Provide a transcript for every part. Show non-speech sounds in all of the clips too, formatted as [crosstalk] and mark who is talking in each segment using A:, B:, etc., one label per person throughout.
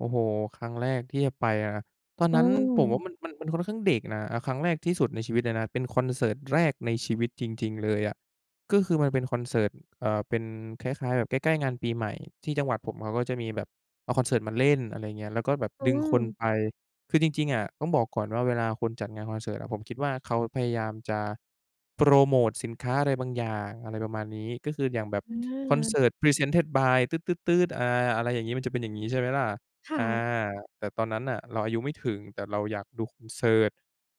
A: โอ้โฮ ครั้งแรกที่จะไป อา ตอน
B: อื
A: นั้นผมว่า
B: ม
A: มัน มัน มันค่อนข้างเด็กนะ อา ครั้งแรกที่สุดในชีวิตเลยนะ เป็นคอนเสิร์ตแรกในชีวิตจริง ๆ เลยอะ ก็คือมันเป็นคอนเสิร์ต เอ่อ เป็นคล้าย ๆ แบบใกล้ ๆ งานปีใหม่ ที่จังหวัดผมอะเขาก็จะมีแบบเอาคอนเสิร์ตมาเล่น อะไรอย่างเงี้ย แล้วก็แบบ
B: อื
A: ดึงคน
B: ม
A: ไป คือจริง ๆ อะ ต้องบอกก่อนว่าเวลาคนจัดงานคอนเสิร์ตอะ ผมคิดว่าเขาพยายามจะโพรโมตสินค้าอะไรบางอย่าง อะไรประมาณนี้ ก็คืออย่างแบบคอนเส
B: อา
A: ิร์ต presented by อา อะไรอย่างงี้ มันจะเป็นอย่างงี้ ใช่ไหมล่ะ
B: ค่
A: อา
B: ะ
A: แต่ตอนนั้นน่ะเราอายุไม่ถึง แต่เราอยากดูคอนเสิร์ต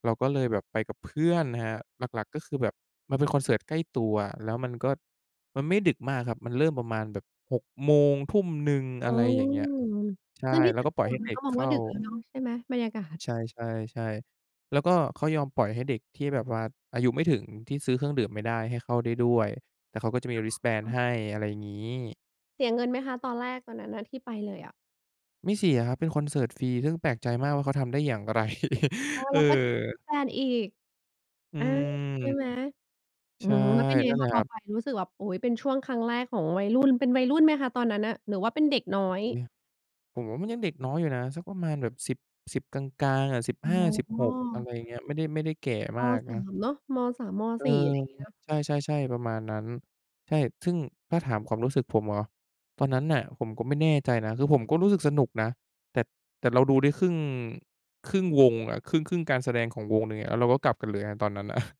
A: เราก็เลยแบบไปกับเพื่อนนะครับ หลัก ๆ ก็คือแบบมันเป็นคอนเสิร์ตใกล้ตัว แล้วมันก็ มันไม่ดึกมากครับ มันเริ่มประมาณแบบ 18:00 19:00
B: อ
A: อ
B: ื
A: ะไร
B: ม
A: อย่างเงี้ย ใช่
B: ซึ่งที่
A: แล้
B: ต่
A: ว
B: า
A: ก
B: ง
A: ็
B: จ
A: ป
B: ั
A: ล่
B: ง
A: อ
B: ห
A: ย
B: ว
A: ใ
B: ั
A: ห
B: ด
A: ้
B: มั
A: เด
B: น
A: ็
B: ก็
A: ก
B: มอ
A: เ
B: ง
A: ข
B: ว่
A: ้
B: า
A: า
B: ดึกแล้วเนาะ ใช่ไหม? บรรยากาศ
A: ใช่ ๆ ๆ แล้วก็เขายอมปล่อยให้เด็กที่แบบว่าอายุไม่ถึง ที่ซื้อเครื่องดื่มไม่ได้ ให้เข้าได้ด้วย แล้วเขาก็จะมี wristband
B: อ๋อ
A: ให้ อะไรงี้
B: เสียเงินไหมคะ ตอนแรกตอนนั้นน่ะ ที่ไปเลยอะ?
A: ไม่เสียครับ เป็นคอนเสิร์ตฟรี ซึ่งแปลกใจมากว่าเขาทำได้อย่างไร?
B: อ๋อ
A: [chuckles] เ
B: แล
A: อ
B: ้วก็แจก
A: อ
B: wristband อีก
A: อื
B: อา ใช่
A: ม
B: ไหม อื
A: ใช่
B: ม แล้วเป็นไง
A: นั่นแ
B: ค
A: หล
B: ะ
A: ะ
B: พ
A: คร
B: อ
A: ับ
B: ไปรู้สึกแบบ โอ๊ย เป็นช่วงครั้งแรกของวัยรุ่น เป็นวัยรุ่นไหมคะตอนนั้นน่ะ หรือว่าเป็นเด็กน้อย?
A: โอ้ ผมว่ามันยังเด็กน้อยอยู่นะ สักประมาณแบบ 10- 10 กลาง ๆ อะ สิบห้าสิบ
B: อ๋
A: หก อะไร
B: อ
A: อย่างเงี้ย ไม่ได้ ไม่ได้แก่
B: ม.
A: มาก
B: สา
A: นะ
B: ม เนาะ ม. 3 ม.
A: เออ
B: 4 อะไรอย่างนี้เนาะ
A: ใช่ ๆ ๆ ประมาณนั้น ใช่ ซึ่ง ถ้าถามความรู้สึกผมเหรอ ตอนนั้นน่ะผมก็ไม่แน่ใจนะ คือผมก็รู้สึกสนุกนะ แต่ แต่เราดูได้ครึ่ง ครึ่งวงอะ ครึ่ง ครึ่งการแสดงของวงหนึ่งอะ แล้วเราก็กลับกันเลยอะตอนนั้น อะ